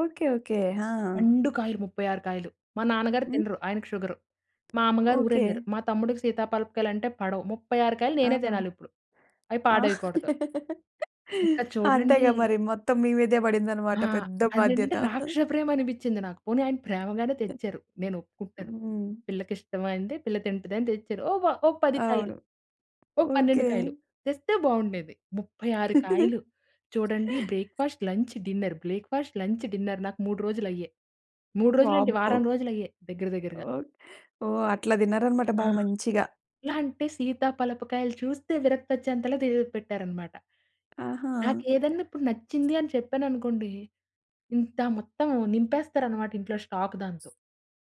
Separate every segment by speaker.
Speaker 1: Okay. Okay. ఆ!
Speaker 2: పండు కాయలు 36 కాయలు. మా నాన్నగారు
Speaker 1: హ్మ్.
Speaker 2: తినరు ఆయనకి షుగరు. మా అమ్మగారు
Speaker 1: ఓకే.
Speaker 2: ఊరెల్లారు. మా తమ్ముడికి సీతా పాలపకాయలంటే పడవు. 36 కాయలు నేనే
Speaker 1: ఆ!
Speaker 2: తినాలిప్పుడు. అవి
Speaker 1: ఆ!
Speaker 2: పాడెయ్యకూడదు. ఇంక చూడండి.
Speaker 1: అంతేగా మరి మొత్తం మీ మీదే పడిందనమాట
Speaker 2: ఆ!
Speaker 1: పెద్ద
Speaker 2: అదంటే
Speaker 1: బాధ్యత.
Speaker 2: రాక్షస ప్రేమనిపించింది నాకు. పోనీ ఆయన ప్రేమగానే తెచ్చారు. నేను ఒప్పుకుంటాను.
Speaker 1: హ్మ్.
Speaker 2: పిల్లకిష్టమైంది, పిల్ల తింటదని తెచ్చారు. ఓ వ ఓ 10 కాయలు,
Speaker 1: అవును.
Speaker 2: ఓ
Speaker 1: ఓకే.
Speaker 2: 12 కాయలు తెస్తే బాగుండేది. 36 కాయలు. చూడండి breakfast, lunch, dinner, breakfast, lunch, dinner నాకు 3 రోజులయ్యే. 3 రోజులేంటి
Speaker 1: వామ్మో!
Speaker 2: వారం రోజులయ్యే దగ్గర, దగ్గరగా.
Speaker 1: ఓహ్! ఓహ్! అట్లా తిన్నారనమాట
Speaker 2: ఆ!
Speaker 1: బాగా మంచిగా!
Speaker 2: ఎలాఅంటే, సీత పలపకాయలు చూస్తే విరక్తొచెంతలా తి పెట్టారనమాట.
Speaker 1: ఆహా!
Speaker 2: నాకేదన్నా ఇప్పుడు నచ్చింది అని చెప్పాననుకోండి. ఇంత మొత్తం నింపేస్తారనమాట ఇంట్లో స్టాక్ దాంతో.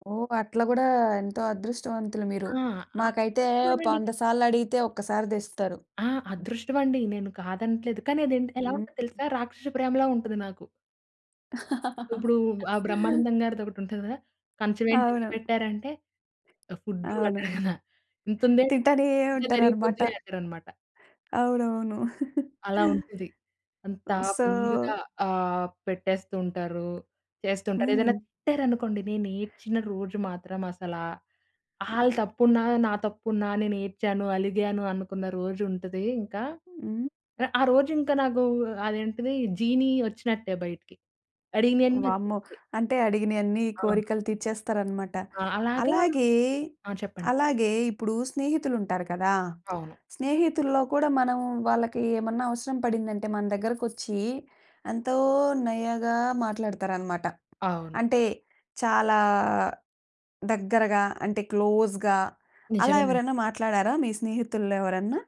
Speaker 1: ఓహ్! అట్లా కూడా ఎంతో అదృష్టవంతులు మీరు.
Speaker 2: ఆ! ఆ
Speaker 1: మాకైతే
Speaker 2: అదృష్టం మనేనిక
Speaker 1: వంద సార్లు అడిగితే ఒక్కసారి తెస్తారు.
Speaker 2: ఆ! అదృష్టం అండి. నేను కాదనట్లేదు. కానీ, అదంటే ఏలా
Speaker 1: హ్మ్.
Speaker 2: ఉందో
Speaker 1: హ్మ్.
Speaker 2: తెలుసా? రాక్షస ప్రేమలా ఉంటది నాకు. ఇప్పుడు ఆహ్, బ్రహ్మానందం గారిదొకటుంటది గదా! కంచవేంటి ఇంత
Speaker 1: అవును.
Speaker 2: పెట్టారంటే, ఫుడ్డు
Speaker 1: అవును.
Speaker 2: అంటారు గదా! ఇంతుందే,
Speaker 1: తింటానే
Speaker 2: తింటే
Speaker 1: ఉంటారనమాట.
Speaker 2: జరిగిపోద్దంటారనమాట.
Speaker 1: అవునవును.
Speaker 2: అలా ఉంటది. అంతా
Speaker 1: హ్మ్, సో
Speaker 2: ఫుల్‌గా ఆహ్, పెట్టేస్తూ ఉంటారు. చేస్తుంటారు
Speaker 1: హ్మ్.
Speaker 2: ఏదైనా తిట్టారనుకోండి. నేనేడ్చిన రోజు మాత్రం అసలా ఆళ్ళు తప్పున్నా, నా తప్పున్నా నేనేడ్చాను, అలిగాను అనుకున్న రోజుంటదింకా.
Speaker 1: హ్మ్.
Speaker 2: ఆ రోజు ఇంక నాకు అదేంటిది జీనీ వచ్చినట్టే బయటికి,
Speaker 1: వామ్మో!
Speaker 2: అడిగినయన్నొచ్చేస్తాయి.
Speaker 1: అంటే అడిగినయన్నీ
Speaker 2: ఆ!
Speaker 1: కోరికలు తీర్చేస్తారనమాట.
Speaker 2: ఆ! అలాగా
Speaker 1: అలాగే
Speaker 2: ఆ! చెప్పండి.
Speaker 1: అలాగే ఇప్పుడు స్నేహితులుంటారు కదా!
Speaker 2: అవును.
Speaker 1: స్నేహితుల్లో కూడా మనం వాళ్ళకేమన్నా అవసరం పడిందంటే మన దగ్గరకొచ్చి, ఎంతో నయగా మాట్లాడతారనమాట.
Speaker 2: అవును.
Speaker 1: అంటే, చాలా దగ్గరగా అంటే క్లోజ్‌గా అలా
Speaker 2: నిజమేనండి.
Speaker 1: ఎవరైనా మాట్లాడారా మీ స్నేహితుల్లో ఎవరన్నా?